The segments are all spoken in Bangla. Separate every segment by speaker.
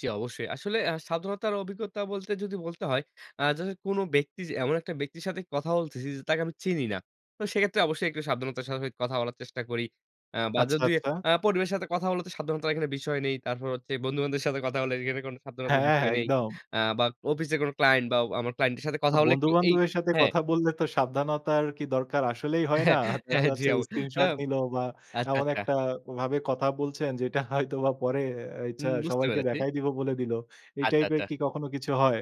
Speaker 1: জ্বী অবশ্যই। আসলে আ সাবধানতার অভিজ্ঞতা বলতে যদি বলতে হয়, আ ধরেন কোন ব্যক্তি এমন একটা ব্যক্তির সাথে কথা বলতেছি যে, তাকে আমি চিনি না। তো সেক্ষেত্রে অবশ্যই সাবধানতার সাথে কথা বলার চেষ্টা করি। আ বা
Speaker 2: আচ্ছা,
Speaker 1: যদি
Speaker 2: আচ্ছা।
Speaker 1: আ পরিবারের সাথে কথা হলে তো সাবধানতার বিষয় নেই। তারপর হচ্ছে বন্ধু-বান্ধুদের সাথে কথা হলে এখানে কোন সাবধানতার
Speaker 2: হ্যাঁ,
Speaker 1: বিষয় নেই।
Speaker 2: একদম।
Speaker 1: আ বা অফিসের কোন client বা আমার client এর সাথে
Speaker 2: তো
Speaker 1: কথা হলে
Speaker 2: বন্ধু
Speaker 1: একটু এই
Speaker 2: বান্ধবের সাথে
Speaker 1: হ্যাঁ।
Speaker 2: কথা বললে তো সাবধানতার কি দরকার আসলেই হয় না? দেখা
Speaker 1: হ্যাঁ, জি,
Speaker 2: যাচ্ছে
Speaker 1: আপু। আ
Speaker 2: screenshot নিল বা
Speaker 1: আচ্ছা,
Speaker 2: এমন
Speaker 1: আচ্ছা।
Speaker 2: একটা ভাবে কথা বলছেন যেটা হয়তো বা পরে এ হচ্ছে
Speaker 1: হুম, বুঝতে
Speaker 2: সবাইকে
Speaker 1: পেরেছি।
Speaker 2: দেখায় দিবো বলে দিল। এই
Speaker 1: আচ্ছা,
Speaker 2: type এর
Speaker 1: আচ্ছা।
Speaker 2: কি কখনো কিছু হয়?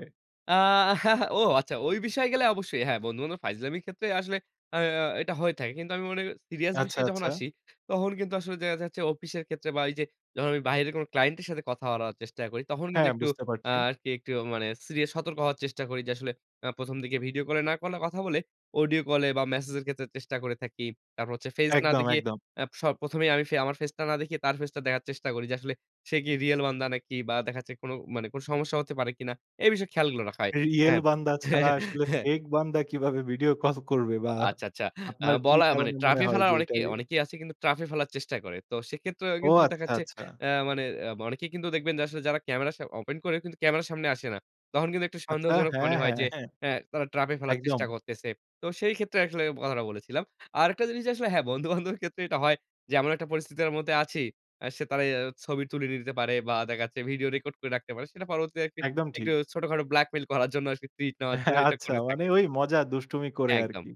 Speaker 1: আ ও আচ্ছা ওই বিষয়ে গেলে অবশ্যই হ্যাঁ, বন্ধু-বান্ধব ফাইজলামি ক্ষেত্রে আসলে আ আ এটা হয়ে থাকে। কিন্তু আমি মনে করি serious
Speaker 2: আচ্ছা,
Speaker 1: বিষয়ে যখন
Speaker 2: আচ্ছা।
Speaker 1: আসি, তখন কিন্তু আসলে যে, দেখা যাচ্ছে অফিসের ক্ষেত্রে বা ওই যে, যখন আমি বাইরের কোন client এর সাথে কথা বলার চেষ্টা করি, তখন কিন্তু
Speaker 2: হ্যাঁ,
Speaker 1: একটু
Speaker 2: বুঝতে
Speaker 1: আ
Speaker 2: পারছি।
Speaker 1: আরকি একটু মানে serious সতর্ক হওয়ার চেষ্টা করি। যে, আসলে আ ১ম দিকে video কলে না কলে কথা বলে audio কলে বা message এর ক্ষেত্রে চেষ্টা করে থাকি। তারপর হচ্ছে face না
Speaker 2: একদম,
Speaker 1: দেখিয়ে
Speaker 2: একদম।
Speaker 1: আ স ১ম এই আমি আমার face টা না দেখিয়ে তার face টা দেখার চেষ্টা করি যে, আসলে সে কি real বান্দা নাকি বা দেখা যাচ্ছে কোন মানে কোন সমস্যা হতে পারে কিনা এ বিষয়ে খেয়ালগুলো রাখা হয়
Speaker 2: R Real
Speaker 1: হ্যাঁ।
Speaker 2: বান্দা ছাড়া আসলে fake বান্দা কিভাবে ভিডিও কল করবে
Speaker 1: ও
Speaker 2: বা
Speaker 1: আচ্ছা, আচ্ছা। আ
Speaker 2: আপনার কি
Speaker 1: বলা মানে
Speaker 2: কারণে
Speaker 1: trap
Speaker 2: মনে
Speaker 1: এ
Speaker 2: হয়
Speaker 1: ফেলার
Speaker 2: যে, এটা
Speaker 1: অনেকেই
Speaker 2: রিয়েল?
Speaker 1: অনেকেই আছে কিন্তু trap এ ফেলার চেষ্টা করে। তো সেক্ষেত্রে
Speaker 2: ও
Speaker 1: কিন্তু দেখা
Speaker 2: আচ্ছা,
Speaker 1: যাচ্ছে
Speaker 2: আচ্ছা।
Speaker 1: আ মানে অনেকেই কিন্তু দেখবেন যে, আসলে যারা ক্যামেরা স open করেও কিন্তু ক্যামেরার সামনে আসে না। তখন কিন্তু একটু
Speaker 2: আচ্ছা।
Speaker 1: সন্দেহজনক মনে
Speaker 2: হ্যাঁ,
Speaker 1: হয়
Speaker 2: হ্যাঁ,
Speaker 1: যে,
Speaker 2: হ্যাঁ।
Speaker 1: আ তারা trap এ ফেলার
Speaker 2: একদম।
Speaker 1: চেষ্টা করতেছে। তো সেই ক্ষেত্রে আসলে কথাটা বলেছিলাম। আরেকটা জিনিস আসলে হ্যাঁ, বন্ধু-বান্ধবের ক্ষেত্রে এটা হয় যে, এমন একটা পরিস্থিতির মধ্যে আছি, আ সে তারা ছবি তুলে নিতে পারে বা দেখা যাচ্ছে ভিডিও record করে রাখতে পারে। সেটা পরবর্তী
Speaker 2: একদম
Speaker 1: একটু
Speaker 2: ঠিক।
Speaker 1: ছোটখাটো blackmail করার জন্য টুইট নেওয়ার জন্য এটা
Speaker 2: আচ্ছা
Speaker 1: করে
Speaker 2: মানে
Speaker 1: থাকে।
Speaker 2: ওই মজা দুষ্টুমি করে
Speaker 1: একদম।
Speaker 2: আরকি।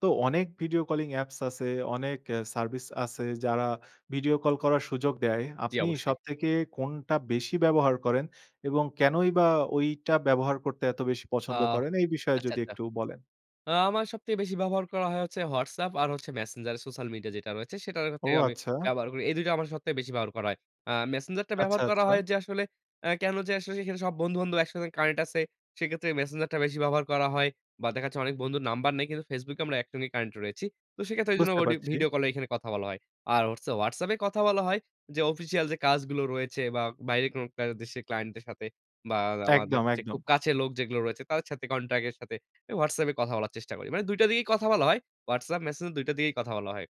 Speaker 2: তো অনেক video calling apps আছে, অনেক এ service আছে যারা video call করার সুযোগ দেয়।
Speaker 1: জি,
Speaker 2: আপনি
Speaker 1: অবশ্যই।
Speaker 2: সবথেকে কোনটা বেশি ব্যবহার করেন এবং কেনই বা ওইটা ব্যবহার করতে এত বেশি
Speaker 1: আ
Speaker 2: পছন্দ করেন? এই বিষয়ে
Speaker 1: আচ্ছা,
Speaker 2: যদি
Speaker 1: আচ্ছা।
Speaker 2: একটু বলেন?
Speaker 1: আ আমার সবচেয়ে বেশি ব্যবহার করা হয় হচ্ছে WhatsApp আর হচ্ছে Messenger সোশ্যাল মিডিয়া যেটা রয়েছে সেটার
Speaker 2: ও
Speaker 1: হচ্ছে আমি
Speaker 2: আচ্ছা।
Speaker 1: ব্যবহার করি। এই ২ টা আমার সবচেয়ে বেশি ব্যবহার করা হয়। আ Messenger টা
Speaker 2: আচ্ছা,
Speaker 1: ব্যবহার করা
Speaker 2: আচ্ছা।
Speaker 1: হয় যে, আসলে আ কেন যে, আশেপাশে সব বন্ধু-বান্ধব একসাথে connect আছে। সেক্ষেত্রে Messenger টা বেশি ব্যবহার করা হয়। বা দেখা যাচ্ছে অনেক বন্ধুর নাম্বার নেই কিন্তু Facebook এ আমরা একসঙ্গে connect রয়েছি। তো সেক্ষেত্রে এইজন্য
Speaker 2: বুঝতে
Speaker 1: audio
Speaker 2: পারছি।
Speaker 1: video কলে কথা বলা হয়। আর হচ্ছে WhatsApp এ কথা বলা হয় যে, official যে, কাজগুলো রয়েছে বা বাইরে কোন কাজ দেশের client দের সাথে বা আমাদের
Speaker 2: একদম,
Speaker 1: হচ্ছে খুব
Speaker 2: একদম।
Speaker 1: কাছের লোক যেগুলো রয়েছে তাদের সাথে contact এর সাথে WhatsApp এ কথা বলার চেষ্টা করি। মানে ২ টা দিয়েই কথা বলা হয়। WhatsApp, Messenger টার দিয়েই কথা বলা হয়।